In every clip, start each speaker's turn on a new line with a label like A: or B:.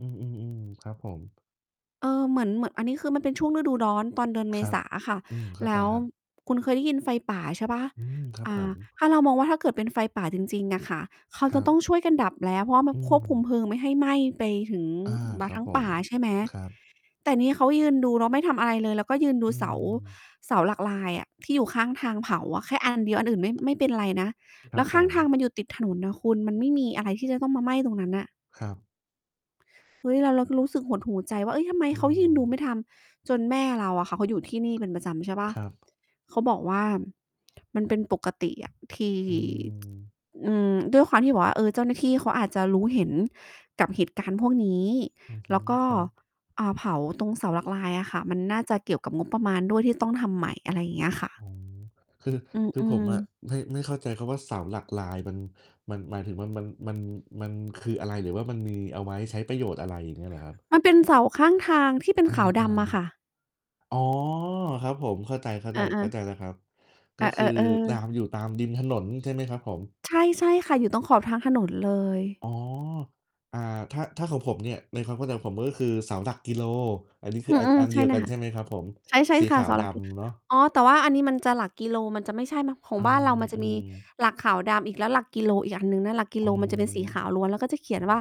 A: อือ ๆ ๆ ครับผม
B: เออ เหมือน เหมือนอันนี้คือมันเป็นช่วง ฤดูร้อน ตอนเดือนเ
A: ค
B: ม
A: รั
B: ษ
A: บ
B: าอะค่ะ
A: อืม เข้า
B: แล
A: ใจ
B: ้ว
A: ครับ
B: คุณเคยได้ยินไฟป่า ใช่เปล่า?
A: อืม ครับ
B: อ่
A: ผ
B: า
A: ม
B: ถ้าเรามองว่าถ้าเกิดเป็นไฟป่าจริง ๆ อะค่ะ เขา
A: คร
B: จะ
A: ั
B: ต
A: บ
B: ้อง ช่วยกันดับแล้ว เพราะว่ามั
A: อ
B: น
A: ื
B: ควบคุม
A: ม
B: เพลิงไม่ให้ไหม้ไปถึง
A: อา
B: ม
A: ค
B: า
A: รั
B: ท
A: บ
B: ั้ง
A: ผ
B: ป่
A: ม
B: าใช่ไหม
A: ครับ
B: แต่นี่เขายืนดู แล้วไม่ทำอะไรเลย แล้วก็ยืนดู
A: อื
B: เสา
A: ม
B: เสาหลักลายอะ ที่อยู่ข้างทางเผาอะ แค่ อัน เดียว อันอื่นไม่ ไม่เป็นไรนะ
A: ค
B: แ
A: ร
B: ล
A: ั
B: ้
A: บ
B: วข
A: ผ
B: ้างทาง
A: ม
B: มันอยู่ติดถนนน่ะคุณ มันไม่มีอะไรที่จะต้องมาไหม้ตรงนั้นน่ะ
A: ครับ
B: เฮ้ย แล้วเราก็รู้สึกหดหู่ใจว่า เฮ้ย ทำไม
A: อื
B: เขายิ่งดู
A: ม
B: ไม่ทำ จนแม่เราอะค่ะเขาอยู่ที่นี่เป็นประจำใช่เปล่า
A: ครับ
B: เขาบอกว่า มันเป็นปกติอะ ที่
A: อืม
B: อืม ด้วยความที่แบบว่า เออ เจ้าหน้าที่เขาอาจจะรู้เห็นกับเหตุการณ์พวกนี้
A: อือฮ
B: แล
A: ึ
B: ้วก็
A: ครับ
B: อ่า เผาตรงเสาหลักลายอะค่ะ มันน่าจะเกี่ยวกับงบประมาณด้วย ที่ต้องทำใหม่ อะไรอย่างเงี้ยค่
A: อ๋
B: ะ
A: อ คือ
B: อื
A: คือผ
B: อ
A: มอะ
B: ๆ
A: ไม่ ไม่เข้าใจคำว่า เสาหลักลาย มัน หมายถึงว่า มัน มัน มัน มันคืออะไร หรือว่ามันมีเอาไว้ใช้ประโยชน์อะไร อย่างเงี้ยเหรอครับ?
B: มันเป็นเสาข้างทาง ที่เป็
A: เ
B: น
A: ออ
B: ขาวดำอะค่ะ
A: ๆ อ๋อ ครับผม เข้าใจ ๆ เข้าใ
B: เอ
A: จ
B: อ ๆ
A: แล้วครับ ก
B: เอ
A: ็คือ
B: อ
A: ต
B: ๆ
A: า
B: ๆ
A: ม อยู่ตามริมถนน ใช่ไหมครับผม?
B: ใช่ ๆ ค่ะ อยู่ตรงขอบทางถนนเลย
A: อ๋อ อา ถ้า ถ้าของผมเนี่ย ในความเข้าใจของผม ก็คือเสาหลักกิโล อันนี้คื
B: อ
A: อ
B: ื
A: อัน
B: ม
A: อัน
B: ใ
A: เ
B: ช
A: ดี
B: ่
A: ยว
B: เล
A: กั
B: ย
A: น
B: ค
A: ใ
B: ่
A: ช
B: ะ
A: ่ไหมครับผม?
B: ใช่
A: สี
B: ๆ ค
A: ข
B: ่ะ
A: า
B: เ
A: ว
B: สา
A: ด
B: หลัก ล
A: ำเนาะ
B: อ๋อ แต่ว่าอันนี้มันจะหลักกิโล มันจะไม่ใช่ ขอ
A: อื
B: งบ้านเรามันจะมี
A: ม ๆ
B: หลักขาวดำอีก แล้วหลักกิโลอีกอันหนึ่งนะ หลักกิ
A: อ
B: โ
A: ื
B: ลมันจะเป็นสีขาว
A: ม
B: ล้วน แล้วก็จะเขียน ว่า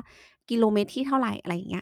B: กิโลเมตรที่เท่าไร อะไรอย่างเงี้ย